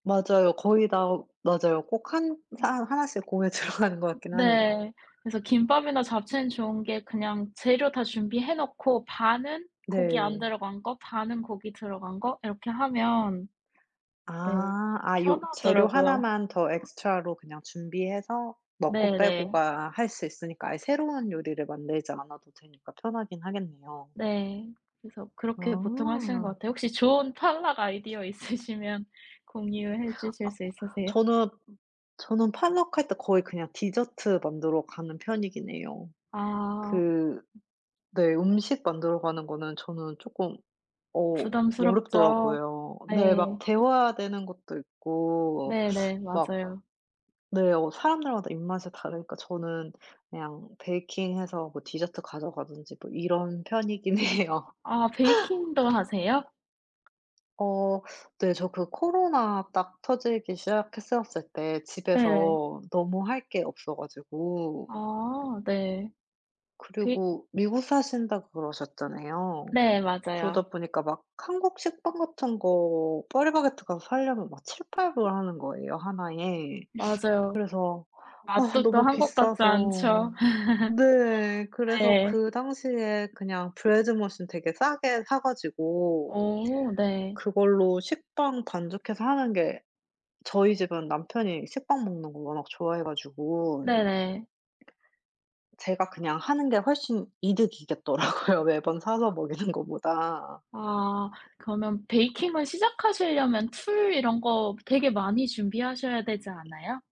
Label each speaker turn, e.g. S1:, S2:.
S1: 맞아요. 거의 다 맞아요. 꼭 1 사 하나씩 공에 들어가는 것 같긴 하네요.
S2: 네. 그래서 김밥이나 잡채는 좋은 게 그냥 재료 다 준비해 놓고 반은 고기 안
S1: 네.
S2: 들어간 거, 반은 고기 들어간 거 이렇게 하면
S1: 아
S2: 네
S1: 아 요 재료
S2: 편하더라고요.
S1: 하나만 더 엑스트라로 그냥 준비해서 먹고
S2: 네네.
S1: 빼고가 할 수 있으니까 아예 새로운 요리를 만들지 않아도 되니까 편하긴 하겠네요.
S2: 네 그래서 그렇게 보통 하시는 것
S1: 아.
S2: 같아요. 혹시 좋은 potluck 아이디어 있으시면 공유해
S1: 아
S2: 주실 수 있으세요?
S1: 저는 저는 portluck 할 때 거의 그냥 디저트 만들러 가는 편이긴 해요.
S2: 아.
S1: 그 네 음식 만들어 가는 거는 저는 쪼끔 어
S2: 부담스럽죠.
S1: 어렵더라고요. 네 막
S2: 네.
S1: 데워야 되는 것도 있고
S2: 네네
S1: 막
S2: 맞아요.
S1: 네 어 사람들마다 입맛이 다르니까 저는 그냥 베이킹해서 뭐 디저트 가져가든지 뭐 이런 편이긴 해요.
S2: 아 베이킹도 하세요?
S1: 어 네 저 그 코로나 딱 터지기 시작했었을 때
S2: 네.
S1: 집에서 너무 할 게 없어 가지고.
S2: 아 네. 그
S1: 그리고 미국 사신다고 그러셨잖아요.
S2: 네 맞아요.
S1: 그러다 보니까 막 한국 식빵 같은 거 파리바게뜨 가서 살려면 막 $7-8 불 하는 거예요 하나에.
S2: 맞아요.
S1: 그래서 아
S2: 맛도 또
S1: 너무
S2: 한국 같지
S1: 비싸서
S2: 않죠.
S1: 네 그래서
S2: 네.
S1: 그 당시에 그냥 Bread Machine 되게 싸게 사 가지고
S2: 어 네.
S1: 그걸로 식빵 반죽해서 하는 게 저희 집은 남편이 식빵 먹는 거 워낙 좋아해 가지고.
S2: 네네.
S1: 제가 그냥 하는 게 훨씬 이득이겠더라고요. 매번 사서
S2: [unintelligible]
S1: 먹이는 거보다.
S2: 아 그러면 베이킹을 시작하실려면 툴 이런 거 되게 많이 준비하셔야 되지 않아요?